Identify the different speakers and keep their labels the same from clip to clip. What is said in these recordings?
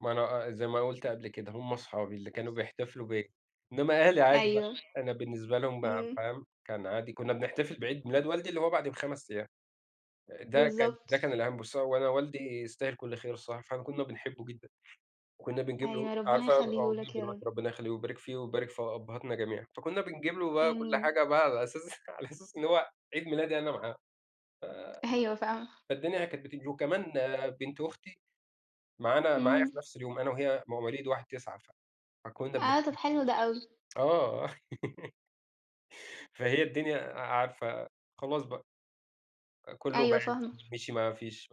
Speaker 1: ما أنا أ أ زي ما قُلت قبل كده، هُم صحابي اللي كانوا بيحتفلوا بيّا، إنما أهلي عادي بقى،
Speaker 2: أيوه،
Speaker 1: أنا بالنسبة لهم بقى
Speaker 2: إمم.
Speaker 1: فاهم، كان عادي كنا بنحتفل بعيد ميلاد والدي اللي هو بعدي ب5 أيام، ده كان ده
Speaker 2: بالضبط.
Speaker 1: كان الأهم. بُصي هو أنا والدي يستاهل كل خير الصراحة، فعلًا كنا بنحبه جدًا، وكنا بنجيب له
Speaker 2: أيوه، ربنا
Speaker 1: عارفة آه،
Speaker 2: يخلّيه
Speaker 1: موجود
Speaker 2: لك يا رب.
Speaker 1: دلوقتي ربنا يخلّيه ويبارك فيه ويبارك في أبهاتنا جميعًا، فكنا بنجيب له بقى كل
Speaker 2: آمين.
Speaker 1: حاجة بقى على أساس على أساس إن هو عيد ميلادي أنا معاه،
Speaker 2: أيوه، فاهمة.
Speaker 1: ف فالدنيا كانت بتيجي، وكمان آآ، بنت أختي معانا، معايا
Speaker 2: إمم.
Speaker 1: في نفْس اليوم، أنا وهي مواليد 1/9، فكنا
Speaker 2: آه،
Speaker 1: بنحت
Speaker 2: طب حلو ده أوي.
Speaker 1: آه. فهي الدنيا عارفة خلاص بقى. كلّه
Speaker 2: أيوه،
Speaker 1: بِعد
Speaker 2: فاهمة.
Speaker 1: مشِي ما فيش،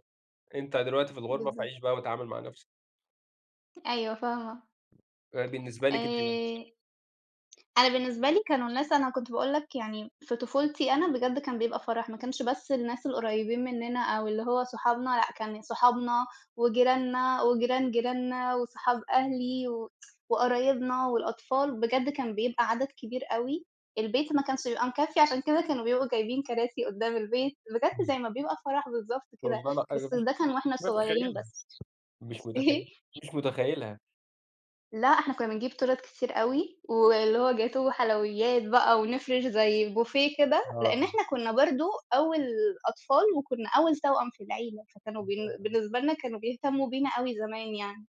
Speaker 1: أنت دلوقتي في الغربة
Speaker 2: بالضبط.
Speaker 1: فعيش بقى واتعامل مع نفْسك.
Speaker 2: أيوه، فاهمة
Speaker 1: آآ بالنسبة لِك أنتِ بقى؟
Speaker 2: آآ أنا بالنسبة لي كانوا الناس أنا كنت باقول لك يعني في طفولتي أنا بجد كان بيبقى فرح، ما كانش بس الناس القريبين مننا أو اللي هو صحابنا لأ، كان صحابنا وجيراننا وجيران جيراننا وصحاب أهلي، و وقرايبنا والأطفال، بجد كان بيبقى عدد كبير أوي، البيت ما كانش بيبقى مكفّي، عشان كده كانوا بيبقوا جايبين كراسي قدّام البيت، بجد زي
Speaker 1: إمم.
Speaker 2: ما بيبقى فرح بالضبط كده،
Speaker 1: والله أنا
Speaker 2: بس
Speaker 1: مش
Speaker 2: ده كان وإحنا
Speaker 1: مش
Speaker 2: صغيرين
Speaker 1: متخيلها،
Speaker 2: بس،
Speaker 1: مش
Speaker 2: إيه؟
Speaker 1: متخيل مش متخيلها.
Speaker 2: لأ، إحنا كنا بنجيب تورَت كتير أوي، واللي هو جاتوه وحلويات بقى ونفرش زي بوفيه كده، لإن
Speaker 1: آه.
Speaker 2: إحنا كنا برضو أول أطفال وكنا أول توأم في العيلة، فكانوا بالن
Speaker 1: [unintelligible]
Speaker 2: بالنسبة لنا كانوا بيهتموا بينا أوي زمان يعني.